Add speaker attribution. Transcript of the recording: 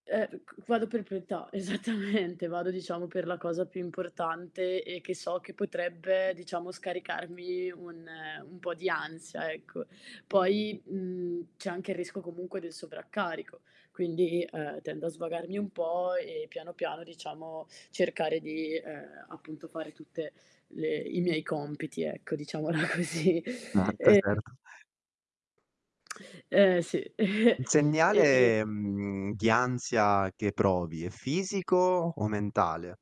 Speaker 1: Ehm, v cu vado per priorità, esattamente. Vado, diciamo, per la cosa più importante e che so che potrebbe, diciamo, scaricarmi un ehm, un po' di ansia, ecco. Poi, mhmm, c'è anche il rischio comunque del sovraccarico, quindi, ehm, tendo a svagarmi un po' e piano piano, diciamo, cercare di, ehm, appunto, fare tutte le i miei compiti ecco, diciamola così.
Speaker 2: Certo,
Speaker 1: Ehm
Speaker 2: certo.
Speaker 1: Eh, sì.
Speaker 2: Il
Speaker 1: E e e
Speaker 2: segnale, mhmm, di ansia che provi è fisico o mentale?